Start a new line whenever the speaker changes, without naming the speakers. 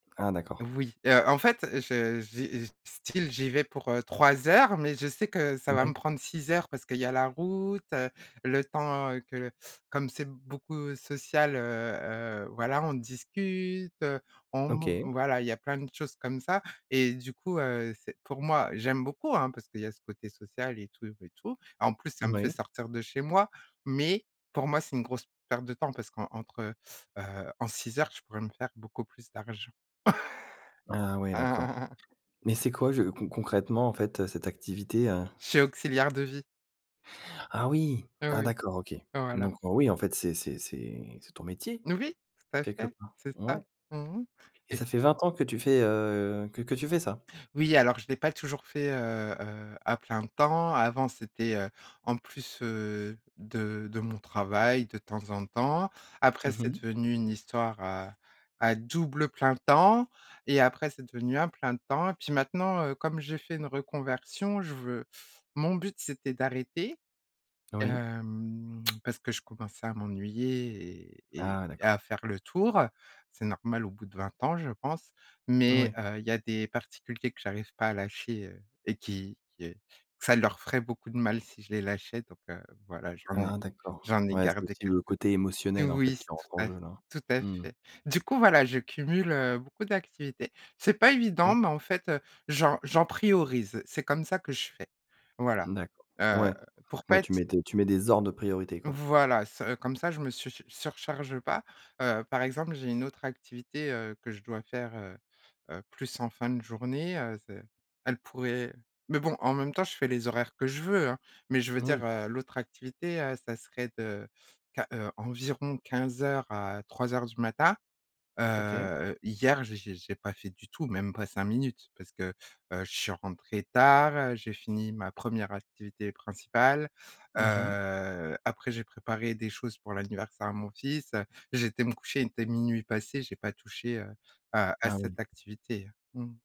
Ah, d'accord.
Oui, heu, en fait, je j'y je style j'y vais pour, heu, 3 heures, mais je sais que ça va
Ouais.
me prendre 6 heures parce qu'il y a la route, heu, le temps que le comme c'est beaucoup social, heu, heu, voilà, on discute, heu, on man
OK.
voilà, il y a plein de choses comme ça et du coup, heu, c'est, pour moi j'aime beaucoup, hein, parce qu'il y a ce côté social et tout et tout. En plus, ça me fait
Moui.
sortir de chez moi, mais, pour moi, c'est une grosse perte de temps parce qu'entre heu, en 6 heures, je pourrais me faire beaucoup plus d'argent.
Ah, ouais, d'accord. Mais c'est quoi, je con concrètement en fait, heu, cette activité, heu?
Je suis auxiliaire de vie.
Ah, oui,
Heu,
ah,
oui.
d'accord OK.
Voilà.
Donc, heu, oui, en fait, c'est c'est c'est c'est ton métier
Oui, tout à
quelque
fait,
part.
c'est ça.
Ouais.
Mmh mh.
Et
Et
ça fait 20 ans que tu fais, heu que que tu fais ça?
Oui, alors je l'ai pas toujours fait, heu, heu à plein temps. Avant, c'était, heu, en plus, heu, de de mon travail, de temps en temps. Après,
Mmh
c'est
mh.
devenu une histoire à à double plein temps et après, c'est devenu un plein temps. Et puis maintenant, heu, comme j'ai fait une reconversion, je veux mon but, c'était d'arrêter,
Oui.
hem, parce que je commençais à m'ennuyer et
Ah
et-et
d'accord.
à faire le tour. C'est normal au bout de 20 ans je pense, mais,
Oui.
heu, il y a des particuliers que j'arrive pas à lâcher, heu et qui, heu ça leur ferait beaucoup de mal si je les lâchais donc, heu, voilà j'en
Ah
ai
d'accord,
j'en ai
ouais, c'est
gardé
aussi le
quelques
côté
Oui,
émotionnel en fait
oui,
qui
c'est tout
rentre en
à f
jeu là.
tout à
Mmh.
fait. Du coup voilà, je cumule, heu, beaucoup d'activités. C'est pas
Ouais.
évident, mais en fait, j'en j'en priorise, c'est comme ça que je fais, voilà,
Mmh d'accord.
heu,
Ouais,
pour
ouais,
pas
tu
être
mets tes tu mets des ordres de priorité, quoi.
Voilà, ça comme ça je me su surcharge pas. Heu, par exemple, j'ai une autre activité, heu, que je dois faire, heu, heu plus en fin de journée, heu, ce elle pourrait mais bon, en même temps je fais les horaires que je veux, hein, mais je veux
Moui.
dire, heu, l'autre activité, heu, ça serait de, quin heu environ 15:00 à 03:00 du matin. Heu,
OK.
heu, hier, j'ai j'ai j'ai pas fait du tout, même pas 5 minutes, parce que, heu, je suis rentrée tard, j'ai fini ma 1re activité principale,
Mmh mh.
heu, après j'ai préparé des choses pour l'anniversaire à mon fils. J'ai été me coucher, il était 00:00 passé, j'ai pas touché, heu, à à
Ah
cette
oui.
activité. Mmh.